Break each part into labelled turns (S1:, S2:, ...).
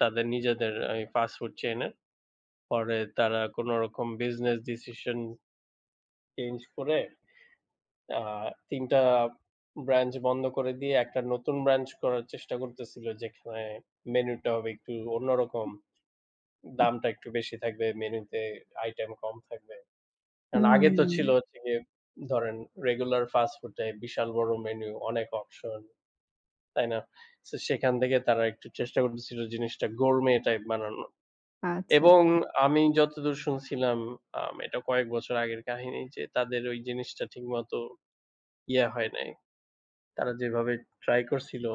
S1: তাদের নিজেদের এই ফাস্ট ফুড চেইন এ পরে তারা কোনরকম বিজনেস ডিসিশন চেঞ্জ করে, আ ৩ টা ব্রাঞ্চ বন্ধ করে দিয়ে, একটা নতুন ব্রাঞ্চ করার চেষ্টা করতেছিল, যেখানে মেনু টা হবে একটু অন্যরকম।
S2: উ
S1: দামটা একটু বেশি থাকবে, মেনুতে আইটেম কম থাকবে। কারণ আগে তো ছিল
S2: হু।
S1: হচ্ছে যে, ধরেন regular fast food type বিশাল বড় মেনু, অনেক অপশন। তাই না? সেখান থেকে তারা একটু চেষ্টা করতেছিল জিনিসটা Gourmet টাইপ বানানোর।
S2: আচ্ছা,
S1: এবং
S2: আচ্ছা।
S1: আমি যতদূর শুনছিলাম আ এটা কয়েক বছর আগের কাহিনী যে, তাদের ওই জিনিসটা ঠিকমতো ইয়া হয় নাই। তারা যেভাবে ট্রাই করছিল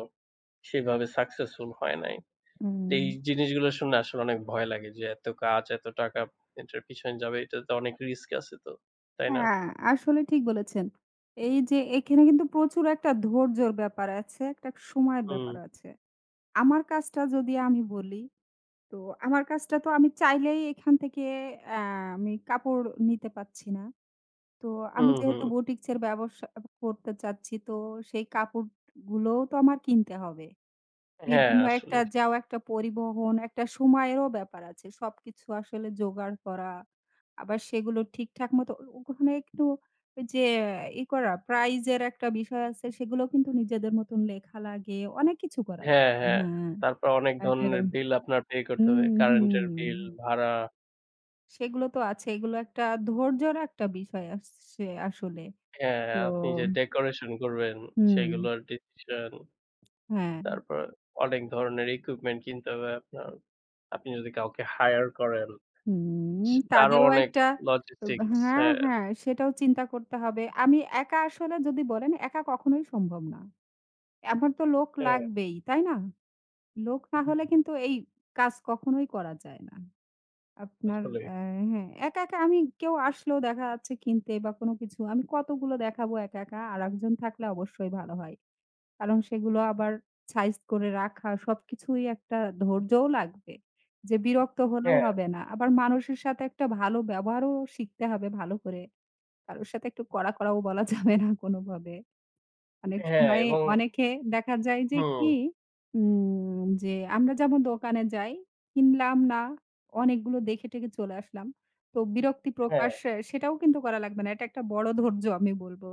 S1: সেভাবে সাক্সেস্ফুল হয় নাই। তো এই
S2: উম
S1: জিনিসগুলো শুনে আসলে অনেক ভয় লাগে যে এত কাজ, এত টাকা এটার পিছনে যাবে, এটাতে অনেক রিস্ক আছে তো। তাই না?
S2: হ্যাঁ, আসলে ঠিক বলেছেন। এই যে এখানে কিন্তু প্রচুর একটা ধৈর্যর ব্যাপার আছে, একটা সময়ের ব্যাপার
S1: হু।
S2: আছে। আমার কাজটা যদি আমি বলি, তো আমার কাজটা তো আমি চাইলেই এখান থেকে আ আমি কাপড় নিতে পারছি না। তো
S1: হু,
S2: আমি যেহেতু
S1: হু।
S2: বুটিক্সের ব্যবসা অ করতে চাচ্ছি তো সেই কাপড় গুলোও তো আমার কিনতে হবে।
S1: হ্যাঁ,
S2: বিভিন্ন একটা
S1: আসলেই।
S2: যাওয়া, একটা পরিবহন, একটা সময়েরও ব্যাপার আছে। সব কিছু আসলে জোগাড় করা, আবার সেগুলো ঠিকঠাক মতো ও ওখানে একটু ওই যে ই করা, প্রাইজের একটা বিষয় আছে সেগুলো কিন্তু নিজেদের মতন লেখা লাগে, অনেক কিছু করা লা
S1: হ্যাঁ, হ্যাঁ,
S2: হ্যাঁ,
S1: তারপর অনেক
S2: একরা
S1: ধরনের বিল আপনার পে
S2: হু,
S1: করতে হবে।
S2: হু।
S1: কারেন্ট এর বিল, ভাড়া।
S2: সেগুলো তো আছে। এগুলো একটা ধৈর্যর একটা বিষয় আসছে আসলে।
S1: হ্যাঁ,
S2: তো
S1: হ্যাঁ, আপনি যে ডেকোরেশন করবেন,
S2: হুম।
S1: সেগুলোর ডিসিশন।
S2: হ্যাঁ।
S1: তারপর অনেক ধরনের ইকুইপমেন্ট কিনতে হবে আপনার। আপনি যদি কাউকে হায়ার করেন
S2: হুম,
S1: সি তারও
S2: তাদেরও
S1: অনেক
S2: একটা ওব
S1: logistics
S2: হ্যাঁ,
S1: হ্যাঁ।
S2: হ্যাঁ, সেটাও চিন্তা করতে হবে। আমি একা আসলে যদি বলেন একা কখনোই সম্ভব না। এভা তো লোক
S1: হ্যাঁ।
S2: লাগবেই, তাই না? লোক না হলে
S1: হ্যাঁ।
S2: কিন্তু এই কাজ কখনোই করা যায় না। আপনার
S1: আসলে।
S2: এ্যা হ্যাঁ, একা, একা, আমি কেউ আসলেও দেখা যাচ্ছে কিনতে বা কোন কিছু, আমি কতগুলো দেখাবো একা, একা? আরেকজন থাকলে অবশ্যই ভালো হয়। কারণ সেগুলো আবার সাইজ করে রাখা, সবকিছুই একটা ধৈর্যও লাগবে যে বিরক্ত হলেও
S1: হ্যাঁ।
S2: হবে না। আবার মানুষের সাথে একটা ভালো ব্যবহারও শিখতে হবে ভালো করে। কারোর সাথে একটু কড়া, কড়াও, বলা যাবে না কোনভাবে। অনেক
S1: হ্যাঁ,
S2: সময়ে
S1: এবং
S2: অনেকে দেখা যায় যে কি,
S1: হু।
S2: উম যে আমরা যেমন দোকানে যাই, কিনলাম না, অনেকগুলো দেখে-টেখে চলে আসলাম। তো বিরক্তি
S1: হ্যাঁ।
S2: প্রকাশ্য সেটাও কিন্তু করা লাগবে না। এটা একটা বড় ধৈর্য আমি বলবো।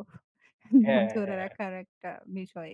S2: ধৈর্য
S1: হ্যাঁ,
S2: ধরে
S1: হ্যাঁ।
S2: রাখার একটা বিষয়।